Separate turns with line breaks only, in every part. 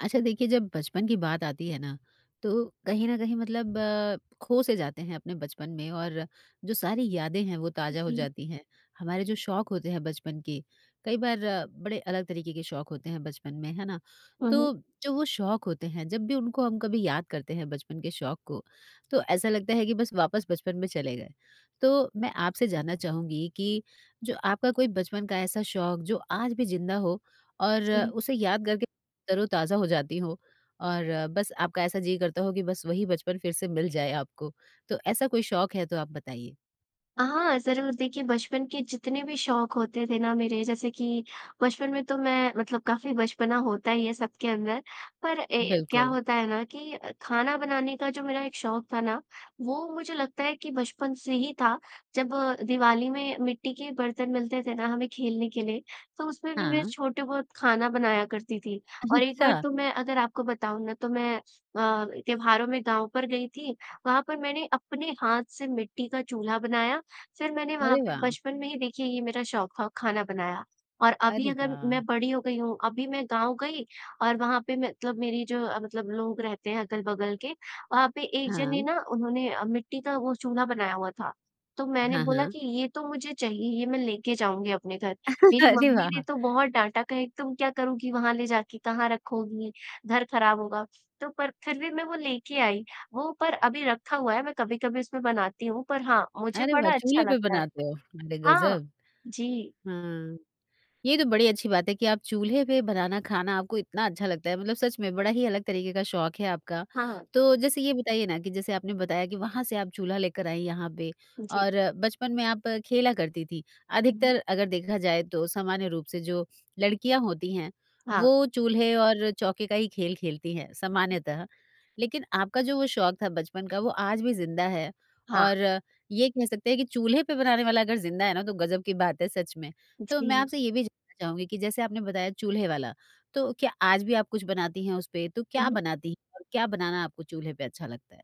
अच्छा देखिए जब बचपन की बात आती है ना तो कहीं न कहीं मतलब अ, खो से जाते हैं अपने बचपन में और जो सारी यादें हैं, वो ताज़ा हो
जी।
जाती हैं। हमारे जो शौक होते हैं बचपन की कई बार बड़े अलग तरीके के शौक होते हैं बचपन में, है ना?
हुँ, हुँ।
तो जो वो शौक होते हैं जब भी उनको हम कभी याद करते हैं बचपन के शौक को तो ऐसा लगता है कि बस वापस बचपन में चले गए। तो मैं आपसे जानना चाहूँगी कि जो आपका कोई बचपन का ऐसा शौक जो आज भी ज़िंदा हो और
जी।
उसे याद करके तरोताज़ा हो जाती हो? और बस आपका ऐसा जी करता हो की बस वही बचपन फिर से मिल जाए आपको? तो ऐसा कोई शौक है तो आप बताइए?
हाँ, ज़रूर। देखिए बचपन के जितने भी शौक होते थे ना मेरे, जैसे कि बचपन में तो मैं मतलब काफ़ी बचपना होता ही है सबके अंदर। पर ए, क्या
बिल्कुल।
होता है ना कि खाना बनाने का जो मेरा एक शौक था ना वो मुझे लगता है कि बचपन से ही था। जब दिवाली में मिट्टी के बर्तन मिलते थे ना हमें खेलने के लिए तो उसमें भी मैं
हाँ।
छोटे बहुत खाना बनाया करती थी। और एक बार
अच्छा।
तो मैं अगर आपको बताऊँ ना, तो मैं अ, त्योहारों में गाँव पर गई थी, वहाँ पर मैंने अपने हाथ से मिट्टी का चूल्हा बनाया। फिर मैंने वहाँ
अरे
पे
वाह!
बचपन में ही देखिए ये मेरा शौक ख खाना बनाया। और अभी
अरे
अगर
वाह!
मैं बड़ी हो गई हूँ, अभी मैं गाँव गई और वहाँ पर मतलब मेरी जो मतलब लोग रहते हैं अगल-बगल के, वहाँ पे एक जने
हाँ।
ना उन्होंने अ, मिट्टी का वो चूल्हा बनाया हुआ था। तो मैंने
हाँ,
बोला
हाँ।
कि ये तो मुझे चाहिए, ये मैं लेके जाऊँगी अपने घर। मेरी
अरे
मम्मी ने
वाह!
तो बहुत डाँटा कहे "तुम क्या करूँगी वहाँ ले जाके? कहाँ रखोगी? घर खराब होगा।" तो पर फिर भी मैं वो लेके आई। वो पर अभी रखा हुआ है, मैं कभी-कभी उसमें बनाती हूँ पर हाँ, मुझे
अरे वाह!
बड़ा अच्छा
चूल्हे पे
लगता है।
बनाते हो। [unintelligible]
हाँ।
ग़ज़ब!
जी।
हाँ। ये तो बड़ी अच्छी बात है कि आप चूल्हे पे बनाना खाना आपको इतना अच्छा लगता है। मतलब सच में बड़ा ही अलग तरीक़े का शौक है आपका।
हाँ।
तो जैसे ये बताइए ना कि जैसे आपने बताया कि वहाँ से आप चूल्हा लेकर आई यहाँ पे
जी।
और बचपन में आप खेला करती थी।
हुँ, हुँ।
अधिकतर अगर देखा जाए तो सामान्य रूप से जो लड़कियाँ होती हैं
हाँ।
वो चूल्हे और चौके का ही खेल खेलती हैं, सामान्यतः लेकिन आपका जो वो शौक था बचपन का वो आज भी ज़िंदा है।
हाँ।
और ये कह सकते हैं कि चूल्हे पे बनाने वाला अगर ज़िंदा है ना तो ग़ज़ब की बात है सच में। तो मैं
जी।
आपसे ये भी जानना चाहूँगी कि जैसे आपने बताया चूल्हे वाला, तो क्या आज भी आप कुछ बनाती हैं उस पे? तो क्या
उहुँ।
बनाती और क्या बनाना आपको चूल्हे पे अच्छा लगता है?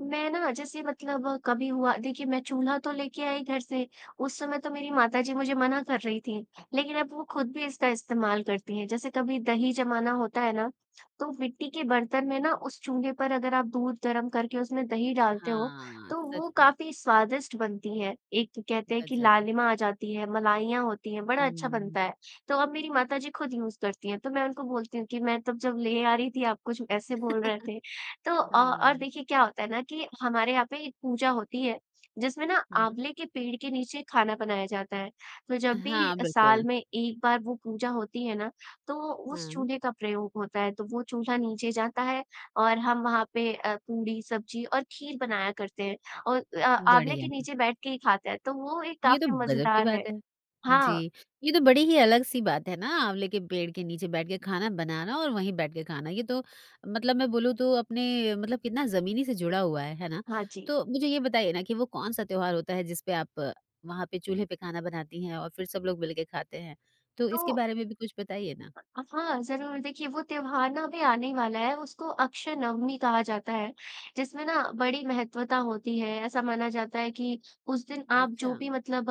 मैं ना जैसे मतलब कभी हुआ देखिए मैं चूल्हा तो लेके आई घर से, उस समय तो मेरी माताजी मुझे मना कर रही थी। लेकिन अब वो ख़ुद भी इसका इस्तेमाल करती है। जैसे कभी दही जमाना होता है ना, तो मिट्टी के बर्तन में ना उस चूल्हे पर अगर आप दूध गरम करके उसमें दही डालते हो,
हाँ,
तो
सच
वहाँ
में।
काफ़ी स्वादिष्ट बनती है। एक कहते हैं कि
ग़ज़ब।
लालिमा आ जाती हैं, मलाइयाँ होती हैं, बड़ा अच्छा
हुँ।
बनता है। तो अब मेरी माताजी ख़ुद यूज़ करती हैं। तो मैं उनको बोलती हूँ कि "मैं तब जब ले आ रही थी आप कुछ ऐसे बोल रहे थे।" तो अ, और
हाँ।
देखिए क्या होता है ना कि हमारे यहाँ पे एक पूजा होती है, जिसमें ना
हुँ।
आँवले के पेड़ के नीचे खाना बनाया जाता है। तो जब भी
हाँ,
साल
बिल्कुल।
में एक बार वो पूजा होती है ना तो उस
हाँ।
चूल्हे का प्रयोग होता है। तो वो चूल्हे नीचे जाता है और हम वहाँ पे अ, पूड़ी, सब्ज़ी और खीर बनाया करते हैं। और अ, आँवले के
बढ़िया।
नीचे बैठके ही खाते हैं। तो वो एक
ये तो
काफ़ी
ग़ज़ब की
मज़ेदार है।
बात है।
हाँ।
जी। ये तो बड़ी ही अलग-सी बात है ना आँवले के पेड़ के नीचे बैठ के खाना बनाना और वहीं बैठ के खाना। ये तो मतलब मैं बोलूँ तो अपने मतलब कितना ज़मीनी से जुड़ा हुआ है, है ना?
हाँ जी।
तो मुझे ये बताइए ना कि वो कौन-सा त्योहार होता है जिस पे आप वहाँ पे चूल्हे पे खाना बनाती हैं और फिर सब लोग मिलकर खाते हैं? तो इसके
तो
बारे में भी कुछ बताइए ना।
हाँ, ज़रूर। देखिए वो त्योहार भी आने ही वाला है, उसको अक्षय नवमी कहा जाता है। जिसमें ना बड़ी महत्वता होती है। ऐसा माना जाता है कि उस दिन आप जो
अच्छा।
भी मतलब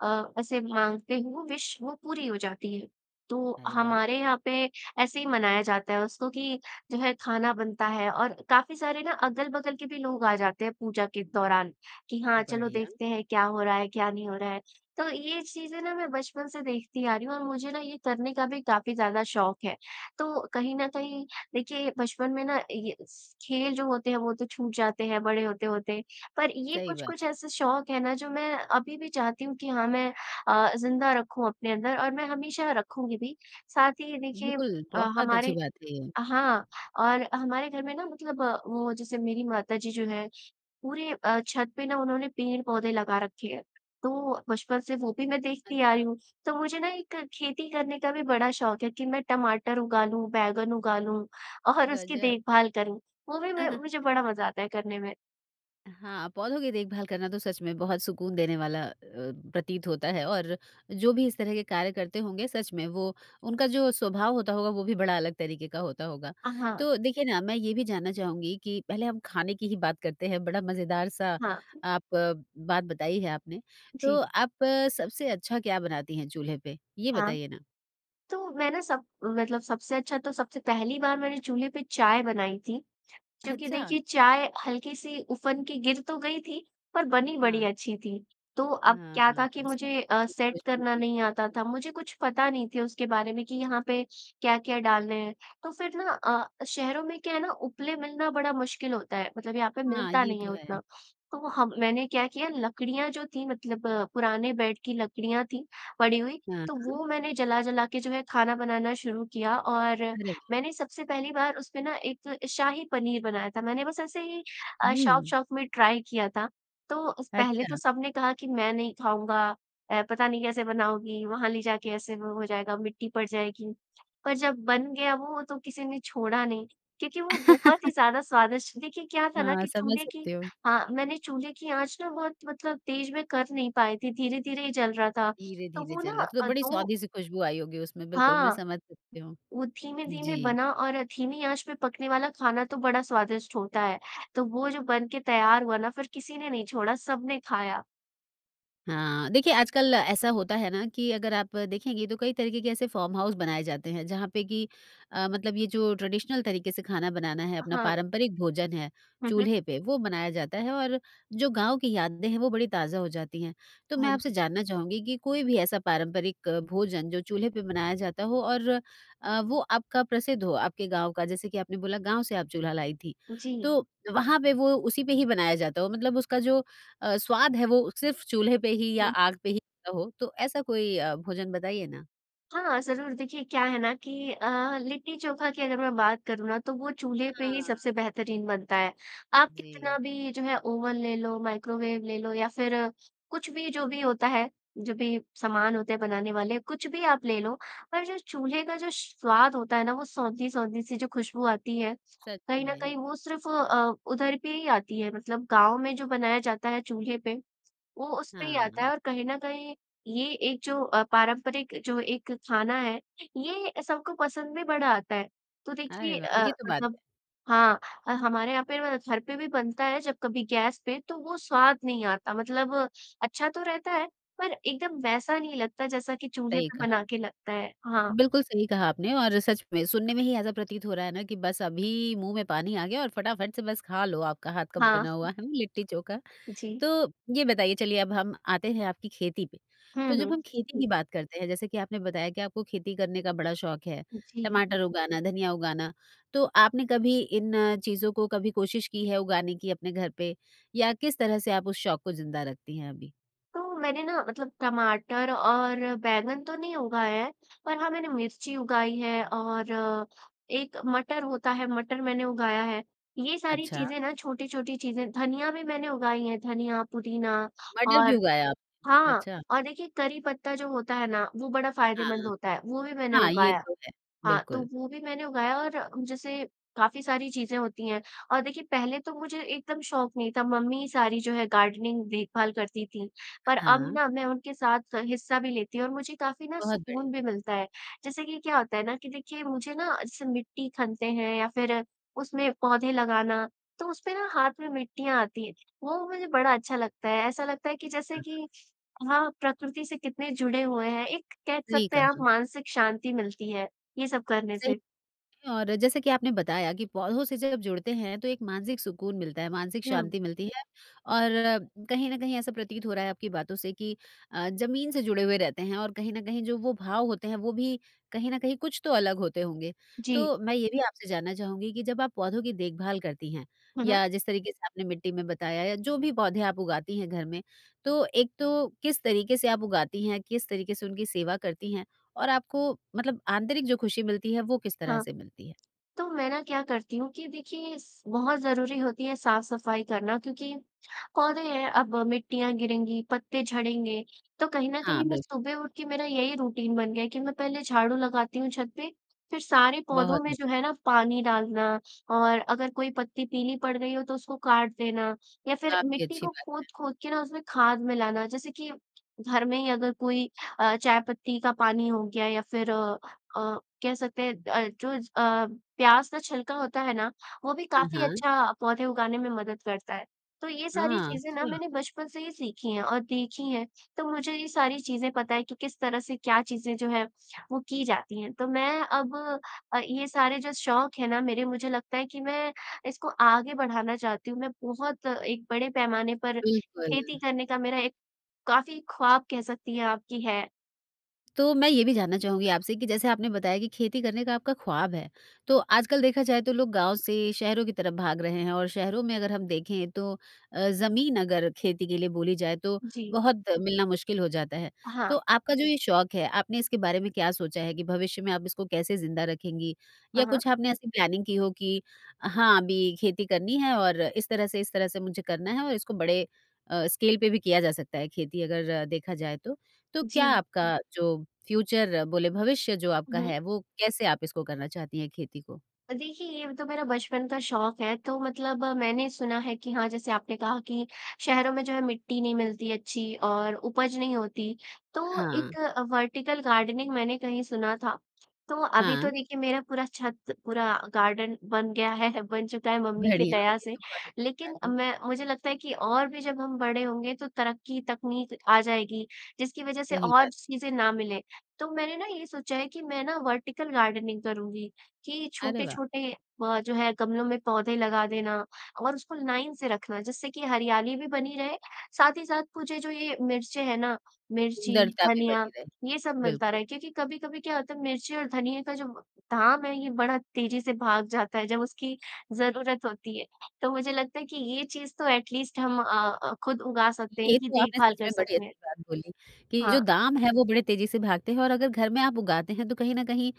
अ, ऐसे माँगते हो विश वो पूरी हो जाती है। तो
अरे वाह!
हमारे यहाँ पे ऐसे ही मनाया जाता है उसको कि जो है खाना बनता है और काफ़ी सारे ना अगल-बगल के भी लोग आ जाते हैं पूजा के दौरान कि हाँ, चलो
बढ़िया।
देखते हैं क्या हो रहा है, क्या नहीं हो रहा है। तो ये चीज़ है ना मैं बचपन से देखती आ रही हूँ और मुझे ना ये करने का भी काफ़ी ज़्यादा शौक है। तो कहीं न कहीं देखिए ये बचपन में ना ये स खेल जो होते हैं वो तो छूट जाते हैं, बड़े होते-होते। पर ये
सही
कुछ-कुछ
बात है।
ऐसे शौक हैं ना जो मैं अभी भी चाहती हूँ कि हाँ मैं अ, ज़िंदा रखूँ अपने अंदर और मैं हमेशा रखूँगी भी। साथ ही ये देखिए
बिल्कुल, बहुत अच्छी
हमारे
बात है ये।
हाँ, और हमारे घर में ना मतलब वो जैसे मेरी माता जी जो हैं पूरे अ, छत पे ना उन्होंने पेड़-पौधे लगा रखे है। तो बचपन से वो भी मैं देखती आ रही
अच्छा।
हूँ। तो मुझे ना एक खेती करने का भी बड़ा शौक है कि मैं टमाटर उगा लूँ, बैंगन उगा लूँ और उसकी
ग़ज़ब।
देखभाल करूँ। वो भी मैं मुझे बड़ा मज़ा आता है करने में।
हाँ, पौधों की देखभाल करना तो सच में बहुत सुकून देने वाला अ, प्रतीत होता है और जो भी इस तरह के कार्य करते होंगे सच में, वो उनका जो स्वभाव होता होगा वो भी बड़ा अलग तरीके का होता होगा।
अ, हाँ।
तो देखिए ना मैं ये भी जानना चाहूँगी कि पहले हम खाने की ही बात करते हैं बड़ा मज़ेदार सा
हाँ।
आप बात बताई है आपने,
जी।
तो आप सबसे अच्छा क्या बनाती हैं चूल्हे पे, ये
हाँ,
बताइए ना?
तो मैं ना सब, मतलब सबसे अच्छा तो सबसे पहली बार मैंने चूल्हे पे चाय बनाई थी, क्योंकि
अच्छा?
देखिए चाय हल्की-सी उफन के गिर तो गई थी, पर बनी बड़ी
हाँ।
अच्छी थी। तो अब
हाँ।
क्या था कि
[unintelligible]
मुझे अ, सेट करना नहीं आता था मुझे कुछ पता नहीं थी उसके बारे में कि यहाँ पे क्या-क्या डालने हैं। तो फिर ना अ, शहरों में क्या है ना उपले मिलना बड़ा मुश्किल होता है मतलब यहाँ पे
हाँ,
मिलता
ये
नहीं है
तो है।
उतना। तो हम मैंने क्या किया लकड़ियाँ जो थी मतलब पुराने बेड की लकड़ियाँ थी पड़ी हुई,
हाँ,
तो
हाँ।
वो मैंने जला-जला के जो है खाना बनाना शुरू किया और
अरे वाह!
मैंने सबसे पहली बार उस पे ना एक शाही पनीर बनाया था मैंने बस ऐसे ही अ,
हुँ।
शौक़-शौक़ में ट्राई किया था। तो पहले तो
अच्छा।
सबने कहा कि मैं नहीं खाऊँगा, अ, पता नहीं कैसे बनाओगी? वहाँ ले जाके ऐसे वो हो जाएगा, मिट्टी पड़ जाएगी। पर जब बन गया वो तो किसी ने छोड़ा नहीं, क्योंकि वो बहुत ही ज़्यादा स्वादिष्ट देखिए क्या था ना
हाँ,
कि
समझ
चूल्हे की
सकती हूँ।
हाँ, मैंने चूल्हे की आँच ना बहुत मतलब तेज़ में कर नहीं पाई थी, धीरे-धीरे ही जल रहा था, तो
धीरे-धीरे
वो
चला,
न
तो
अ,
बड़ी
दो
सोंधी सी खुशबू आई होगी उसमें बिल्कुल, मैं
हाँ,
समझ सकती हूंँ।
वो धीमे-धीमे
जी।
बना और धीमी आँच पे पकने वाला खाना तो बड़ा स्वादिष्ट होता है। तो वो जो बन के तैयार हुआ ना फिर किसी ने नहीं छोड़ा सबने खाया।
हाँ, देखिए आजकल ऐसा होता है ना कि अगर आप देखेगीं तो कई तरीके के कैसे फॉर्म हाउस बनाए जाते हैं। जहाँ पर कि अ, मतलब ये जो ट्रेडिशनल तरीके से खाना बनाना है अपना
हाँ।
पारम्परिक भोजन है
हुँ, हुँ।
चूल्हे पे, वो बनाया जाता है और जो गाँव की यादें हैं वो बड़ी ताज़ा हो जाती हैं। तो मैं
हाँ
आपसे
जी।
जानना चाहूँगी कि कोई भी ऐसा पारंपरिक भोजन जो चूल्हे पे बनाया जाता हो और अ, वो आपका प्रसिद्ध हो, आपके गाँव का जैसे कि आपने बोला गाँव से आप चूल्हा लाईं थीं।
जी।
तो, वँहा पे वो उसी पे ही बनाया जाता हो मतलब उसका जो अ, स्वाद है वो सिर्फ़ चूल्हे पे ही या
हुँ।
आग पे ही हो, तो ऐसा कोई अ, भोजन बताइए ना?
हाँ, ज़रूर देखिए क्या है ना कि अ, लिट्टी चोखा की अगर मैं बात करूँ ना तो वो चूल्हे पे ही
हाँ।
सबसे बेहतरीन बनता है। आप कितना
जी।
भी जो है ओवन ले लो, माइक्रोवेव ले लो या फिर कुछ भी जो भी होता है, जो भी सामान होते हैं बनाने वाले कुछ भी आप ले लो, पर जो चूल्हे का जो स्वाद होता है ना वो सोंधी-सोंधी सी जो खुशबू आती है,
सच
कहीं न
में।
कहीं वो सिर्फ अ, उधर पे ही आती है मतलब गाँव में जो बनाया जाता है चूल्हे पे, वो उस पे ही आता
हाँ।
है। और कहीं न कहीं ये एक जो अ, पारम्परिक जो एक खाना है, ये सबको पसंद भी बड़ा आता है। तो
अरे
देखिए
वाह!
अ,
ये तो बात है।
मतलब हाँ, हमारे यहाँ पे घर पर भी बनता है जब कभी गैस पे तो वो स्वाद नहीं आता। मतलब अच्छा तो रहता है पर एकदम वैसा नहीं लगता जैसा कि चूल्हे
सही
पे
कहा।
बना के लगता है। हाँ।
बिल्कुल सही कहा आपने और सच में, सुनने में ही ऐसा प्रतीत हो रहा है ना कि बस अभी, मुँह में पानी आ गया और फटाफट से बस खा लो आपका हाथ का
हाँ।
बना हुआ लिट्टी चोखा।
जी।
तो ये बताइए चलिए अब हम आते हैं आपकी खेती पे,
हुँ,
तो जब
हुँ।
हम खेती की बात करते हैं जैसे की आपने बताया की आपको खेती करने का बड़ा शौख है,
जी।
टमाटर उगाना, धनिया उगाना तो आपने कभी इन चीज़ों को कभी कोशिश की है उगाने की अपने घर पे, या किस तरह से आप उस शौक को ज़िंदा रखती हैं अभी?
तो मैंने ना मतलब टमाटर और बैंगन तो नहीं उगाएँ हैं, पर हाँ, मैंने मिर्ची उगाई हैं और एक मटर होता है, मटर मैंने उगाया है। ये सारी
अच्छा।
चीज़ें ना छोटी-छोटी चीज़ें धनिया भी मैंने उगाई हैं, धनिया, पुदीना
मटर भी
और
उगाए आप।
हाँ,
अच्छा।
और देखिए करी पत्ता जो होता है ना, वो बड़ा फायदेमंद
हाँ।
होता है वो भी मैंने
हाँ, ये
उगाया,
तो है।
हाँ, तो
बिल्कुल।
वो भी मैंने उगाया और जैसे काफ़ी सारी चीज़ें होती हैं और देखिए पहले तो मुझे एकदम शौख नहीं था मम्मी सारी जो है गार्डनिंग देखभाल करती थीं। पर अब
हाँ।
ना मैं उनके साथ स हिस्सा भी लेती हूँ और मुझे काफ़ी ना
बहुत बढ़िया।
सुकून भी मिलता है। जैसे कि क्या होता है ना कि देखिए मुझे ना ऐसे मिट्टी खनते हैं या फिर उसमें पौधे लगाना, तो उस पे ना हाथ में मिट्टियाँ आती हैं, वो मुझे बड़ा अच्छा लगता है ऐसा लगता है कि जैसे
हाँ।
कि हाँ, प्रकृति से कितने जुड़े हुए हैं। एक कह
सही
सकते
कहा।
हैं आप मानसिक शांति मिलती है ये सब करने
सही
से।
और जैसे कि आपने बताया कि पौधों से जब जुड़ते हैं तो एक मानसिक सुकून मिलता है, मानसिक
हुँ।
शांति मिलती है और कहीं न कहीं ऐसा प्रतीत हो रहा है आपकी बातों से कि अ, ज़मीन से जुड़े हुए रहते हैं और कहीं न कहीं जो वो भाव होते हैं वो भी कहीं न कहीं कुछ तो अलग होते होंगे।
जी।
तो मैं ये भी आपसे जानना चाहूँगी कि जब आप पौधों की देखभाल करतीं हैं,
हुँ, हुँ।
या जिस तरीके से आपने मिट्टी में बताया या जो भी पौधे आप उगातीं हैं घर में, तो एक तो किस तरीके से आप उगातीं हैं? किस तरीके से उनकी सेवा करती हैं? और आपको मतलब आंतरिक जो खुशी मिलती है वो किस तरह
हाँ,
से मिलती है?
तो मैं ना क्या करती हूँ कि देखिए, इस बहुत ज़रूरी होती है साफ-सफाई करना क्योंकि पौधे हैं, अब मिट्टियाँ गिरेंगी, पत्ते झड़ेंगे। तो कहीं न
हाँ,
कहीं मैं
बिल्
सुबह उठ के मेरा यही रुटीन बन गया है कि मैं पहले झाड़ू लगाती हूँ छत पे, फिर सारे पौधों
बहुत
में जो
बढ़िया।
है ना पानी डालना और अगर कोई पत्ती पीली पड़ गई हो तो उसको काट देना या फिर
काफ़ी
मिट्टी
अच्छी
को
बात है।
खोद-खोद के ना उसमें खाद मिलाना जैसे कि घर में ही अगर कोई अ, चाय पत्ती का पानी हो गया या फिर अ अ, कह सकते हैं अ, जो अ, प्याज़ का छिलका होता है ना, वो भी
हाँ,
काफ़ी
हाँ।
अच्छा पौधे उगाने में मदद करता है। तो ये सारी
हाँ,
चीज़ें ना
अच्छा।
मैंने बचपन से ही सीखी हैं और देखी हैं, तो मुझे ये सारी चीज़ें पता है कि किस तरह से क्या चीज़ें जो है, वो की जाती हैं। तो मैं अब अ, ये सारे जो शौक हैं ना मेरे मुझे लगता है कि मैं इसको आगे बढ़ाना चाहती हूँ, मैं बहुत एक बड़े पैमाने पर खेती
बिल्कुल।
करने का मेरा एक काफ़ी ख्वाब कह सकतीं हैं कि आप कि है।
तो मैं ये भी जानना चाहूँगी आपसे, कि जैसे आपने बताया कि खेती करने का आपका ख्वाब है। तो आजकल देखा जाए तो लोग गाँव से शहरों की तरफ भाग रहें हैं और शहरों में अगर हम देखें तो अ, ज़मीन अगर खेती के लिए बोली जाए तो
जी।
बहुत मिलना मुश्किल हो जाता है,
हाँ।
तो आपका जो ये शौक है, आपने इसके बारे में क्या सोचा है? कि भविष्य में आप इसको कैसे ज़िंदा रखेंगी?
हाँ,
या
हाँ।
कुछ आपने ऐसी प्लानिंग की हो कि हाँ, अभी खेती करनी है और इस तरह से, इस तरह से मुझे करना है और इसको बड़े अ, स्केल पे भी किया जा सकता है खेती अगर देखा जाए तो। तो क्या
जी।
आपका जो फ्यूचर बोले, भविष्य जो
हुँ,
आपका
हुँ।
है वो कैसे आप इसको करना चाहती हैं खेती को?
देखिए ये तो मेरा बचपन का शौक है तो मतलब मैंने सुना है कि हाँ, जैसे कि आपने कहा कि शहरों में जो है मिट्टी नहीं मिलती अच्छी और उपज नहीं होती। तो
हाँ।
एक अ, वर्टीकल गार्डनिंग मैंने कहीं सुना था, तो अभी तो
हाँ।
देखिए मेरा पूरा छत पूरा गार्डन बन गया है बन चुका है मम्मी की
बढ़िया,
दया
ये
से।
तो बहुत अच्छी बात
लेकिन अब
है।
मैं मुझे लगता है कि और भी जब हम बड़े होंगे तो तरक्की, तकनीक आ जाएगी, जिसकी वजह से
सही बात।
और चीज़ें ना मिले। तो मैंने ना ये सोचा है कि मैं ना वर्टीकल गार्डनिंग करुँगी कि
अरे वाह!
छोटे-छोटे अ, जो है गमलों में पौधे लगा देना और उसको लाइन से रखना जिससे कि हरियाली भी बनी रहे, साथ ही साथ मुझे जो ये मिर्चें हैं ना, मिर्ची,
सुंदरता भी
धनिया
बनी रहे,
ये सब मिलता
बिल्कुल।
रहे क्योंकि कभी-कभी क्या होता है मिर्ची और धनिया का जो धाम है ये बड़ा तेज़ी से भाग जाता है जब उसकी ज़रूरत होती है। तो मुझे लगता है कि ये चीज़ तो एट लीस्ट हम अ अ, खुद उगा सकते हैं
ये
इनकी
तो आपने
देखभाल
सच
कर
में बड़ी
सकते हैं।
अच्छी बात बोली कि जो
हाँ।
दाम हैं वो बड़े तेज़ी से भागते हैं और अगर घर में आप उगाते हैं तो कहीं न कहीं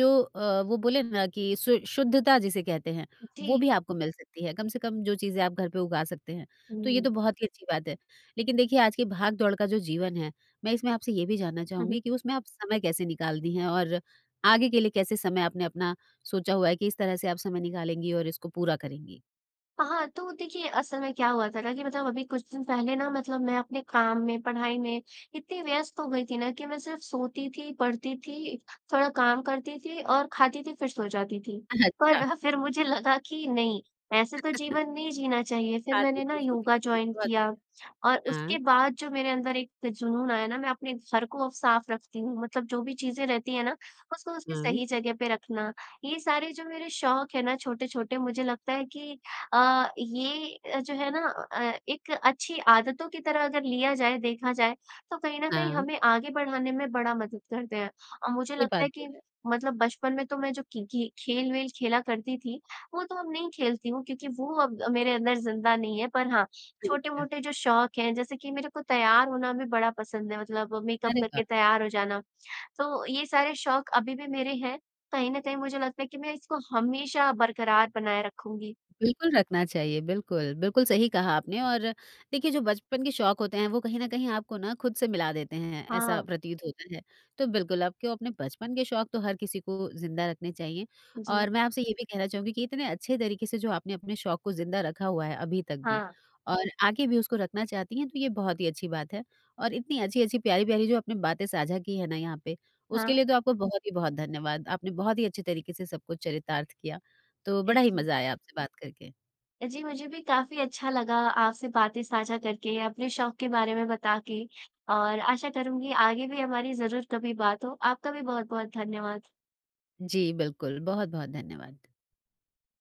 जो अ, वो बोले ना कि शु शुद्धता जिसे कहते हैं, वो
जी।
भी आपको मिल सकती है कम से कम जो चीज़ें आप घर पर उगा सकते हैं, तो ये तो
हुँ।
बहुत ही अच्छी बात है। लेकिन देखिए आज के भाग-दौड़ का जो जीवन है, मैं इसमें आपसे ये भी जानना
हुँ, हुँ।
चाहूँगी कि उसमें आप समय कैसे निकालती हैं? और आगे के लिए कैसे समय आपने अपना सोचा हुआ है? कि इस तरह से आप समय निकालेगीं और इसको पूरा करेंगी?
हाँ, तो देखिए असल में क्या हुआ था ना कि मतलब अभी कुछ दिन पहले ना मतलब मैं अपने काम में, पढ़ाई में इतनी व्यस्त हो गई थी ना कि मैं सिर्फ़ सोती थी, पढ़ती थी, थोड़ा काम करती थी और खाती थी, फिर सो जाती थी।
अच्छा।
पर फिर मुझे लगा कि नहीं, ऐसे तो जीवन नहीं जीना चाहिए। फिर
हाँ। जी,
मैंने ना
जी। सोती
योगा
थी,
जॉइन
बहुत
किया
बढ़िया।
और
हाँ।
उसके बाद जो मेरे अंदर एक जुनून आया ना, मैं अपने घर को साफ़ रखती हूँ। मतलब जो भी चीज़ें रहती हैं ना उसको उसकी
हुँ।
सही जगह पर रखना। ये सारे जो मेरे शौक़ हैं ना छोटे-छोटे मुझे लगता है कि अ, ये जो है ना अ, एक अच्छी आदतों की तरह अगर लिया जाए, देखा जाए, तो कहीं न कहीं
हाँ।
हमें आगे बढ़ाने में बड़ा मदद करते हैं। और मुझे
ये
लगता
बात
है
तो
कि
है।
मतलब बचपन में तो मैं जो कि कि खेल-वेल खेला करती थी, वो तो अब नहीं खेलती हुँ क्योंकि वो अब मेरे अंदर ज़िंदा नहीं है। पर हाँ,
ठीक है।
छोटे-मोटे जो शौक हैं, जैसे कि मेरे को तैयार होना भी बड़ा पसंद है, मतलब मेकअप
अरे वाह!
करके तैयार हो जाना। तो ये सारे शौक़ अभी भी मेरे हैं। कहीं न कहीं मुझे लगता है कि मैं इसको हमेशा बरक़रार बनाए रखूँगी।
बिल्कुल रखना चाहिए, बिल्कुल। बिल्कुल, सही कहा आपने और देखिए जो बचपन के शौक़ होते हैं वो कहीं न कहीं आपको ना खुद से मिला देते हैं, ऐसा
हाँ।
प्रतीत होता है। तो बिल्कुल आपको अपने बचपन के शौक़ तो हर किसी को ज़िंदा रखने चाहिए।
जी।
और मैं आपसे ये भी कहना चाहूँगी कि इतने अच्छे तरीके से जो आपने अपने शौक को ज़िंदा रखा हुआ है अभी तक भी
हाँ।
और आगे भी उसको रखना चाहती हैं, तो ये बहुत ही अच्छी बात है। और इतनी अच्छी-अच्छी, प्यारी-प्यारी जो अपने बातें साझा की हैं ना यहाँ पे, उसके
हाँ।
लिए तो आपको बहुत ही बहुत धन्यवाद। आपने बहुत ही अच्छे तरीके से सबको चरितार्थ किया, तो
अ,
बड़ा ही
जी।
मज़ा आया आपसे बात करके।
जी, मुझे भी काफी अच्छा लगा आपसे बातें साझा करके, अपने शौक़ के बारे में बता के। और आशा करूँगी आगे भी हमारी ज़रूर कभी बात हो। आपका भी बहुत-बहुत धन्यवाद।
जी, बिल्कुल। बहुत-बहुत धन्यवाद।